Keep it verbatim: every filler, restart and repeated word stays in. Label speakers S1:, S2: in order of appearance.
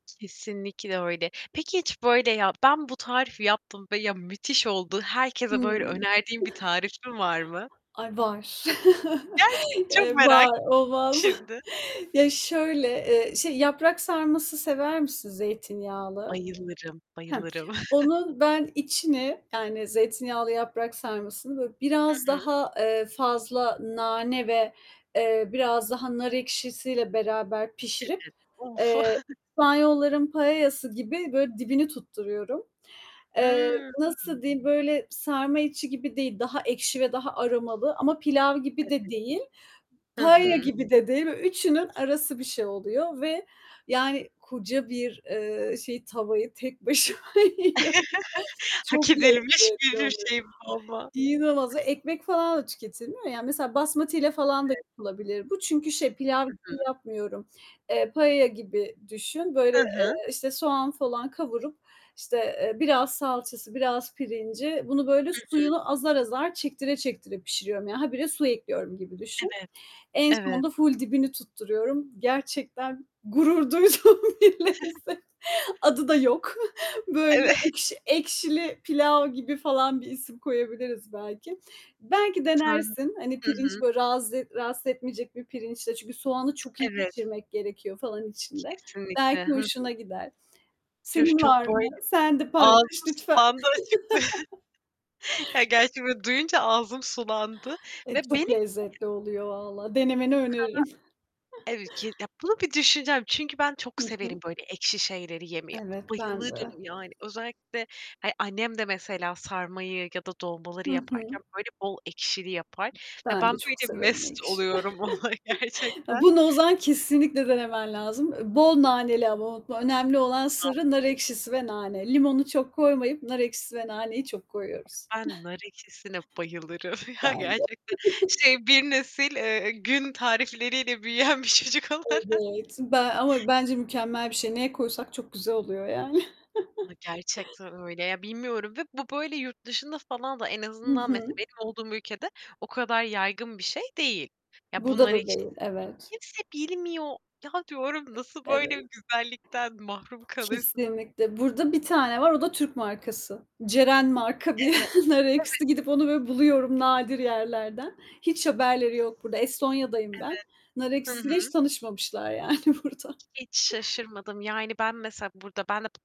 S1: Kesinlikle öyle. Peki, hiç, böyle, ya, ben bu tarifi yaptım ve ya, müthiş oldu herkese böyle
S2: Hımm.
S1: önerdiğin bir tarifin var mı?
S2: Ay, var.
S1: Gerçek Çok
S2: Eee,
S1: merak
S2: var, olmaz
S1: şimdi.
S2: Ya, şöyle, eee, şey, yaprak sarması sever misin zeytinyağlı?
S1: Bayılırım
S2: Hı.
S1: bayılırım.
S2: Onun ben içini, yani zeytinyağlı yaprak sarmasını, böyle, biraz
S1: Hı hı.
S2: daha, eee, fazla nane ve, eee, biraz daha nar ekşisiyle beraber
S1: [unintelligible]
S2: pişirip,
S1: Of!
S2: eee, İspanyolların paella'sı gibi, böyle, dibini tutturuyorum. Eee,
S1: Imm.
S2: nasıl diyeyim? Böyle, sarma içi gibi değil, daha ekşi ve daha aromalı ama pilav gibi de
S1: [unintelligible]
S2: değil,
S1: Hı
S2: paella
S1: hı.
S2: gibi de değil. Üçünün arası bir şey oluyor ve, yani, koca bir, eee, şey tavayı tek başıma yiyorum. Çok
S1: Hak edilmiş
S2: lezzetli
S1: bir bir
S2: oluyor.
S1: şey bu ama.
S2: İnanılmaz, ekmek falan da tüketilmiyor ya. Mesela basmatiyle falan da
S1: [unintelligible]
S2: yapılabilir bu çünkü şey, pilav
S1: Hı
S2: gibi
S1: hı.
S2: yapmıyorum, Eee, paella gibi düşün. Böyle,
S1: Hı hı.
S2: eee, işte, soğan falan kavurup, işte, eee, biraz salçası, biraz pirinci, bunu böyle
S1: Hı hı.
S2: suyunu azar azar çektire çektire pişiriyorum. Yani, habire su ekliyorum gibi düşün.
S1: Evet.
S2: En
S1: Evet.
S2: sonunda full dibini tutturuyorum. Gerçekten gurur duyduğum bilinsin, adı da yok. Böyle,
S1: Evet.
S2: ekşi ekşili pilav gibi falan bir isim koyabiliriz belki. Belki
S1: Hı.
S2: denersin. Hani,
S1: Hı hı.
S2: pirinç, böyle, razı rahatsız etmeyecek bir pirinçle. Çünkü soğanı çok iyi
S1: Evet.
S2: pişirmek gerekiyor falan içinde. Belki
S1: Kesinlikle, hı hı.
S2: hoşuna gider.
S1: [unintelligible]
S2: Senin
S1: Çok,
S2: var mı?
S1: böyle,
S2: Sen de paylaş
S1: ağzım
S2: lütfen.
S1: sulandı açıkça. Ya, gerçi böyle duyunca ağzım sulandı
S2: Eee,
S1: ve
S2: çok
S1: benim [unintelligible]
S2: lezzetli oluyor vallahi. Denemeni
S1: O kadar,
S2: öneririm.
S1: evet ya, bunu bir düşüneceğim çünkü ben çok
S2: Hı
S1: severim,
S2: hı.
S1: böyle, ekşi şeyleri yemeyi.
S2: Evet, ben
S1: Bayılırım,
S2: de.
S1: yani, özellikle, hani, annem de mesela sarmayı ya da dolmaları
S2: Hı
S1: yaparken,
S2: hı.
S1: böyle, bol ekşili yapar ve
S2: Ben
S1: ben,
S2: de çok
S1: böyle,
S2: severim
S1: mest
S2: ekşi.
S1: oluyorum ona
S2: Eee,
S1: gerçekten.
S2: bunu o zaman kesinlikle denemen lazım. Eee, bol naneli ama o önemli olan
S1: Hı hı.
S2: sırrı nar ekşisi ve nane. Limonu çok koymayıp nar ekşisi ve naneyi çok koyuyoruz.
S1: Ben nar ekşisine bayılırım ya,
S2: Ben de.
S1: gerçekten. Şey, bir nesil, eee, gün tarifleriyle büyüyen bir çocuk olarak.
S2: Evet, ben ama bence mükemmel bir şey. Neye koysak çok güzel oluyor yani.
S1: Ya gerçekten öyle ya, bilmiyorum ve bu böyle yurt dışında falan da en
S2: Hı
S1: azından, mesela
S2: hı.
S1: benim olduğum ülkede o kadar yaygın bir şey değil. Ya,
S2: Burada
S1: bunları
S2: da
S1: hiç
S2: değil, evet.
S1: kimse bilmiyor. Ya, diyorum "Nasıl böyle
S2: Evet.
S1: güzellikten mahrum kalırsınız?"
S2: Kesinlikle. Burada bir tane var. O da Türk markası. Ceren marka bir
S1: Evet.
S2: nar
S1: Evet.
S2: ekşisi. Gidip onu böyle buluyorum nadir yerlerden. Hiç haberleri yok burada. Estonya'dayım ben. Nar
S1: Evet. Hı
S2: ekşisiyle hiç
S1: hı.
S2: tanışmamışlar yani burada.
S1: Hiç şaşırmadım. Yani, ben mesela burada ben de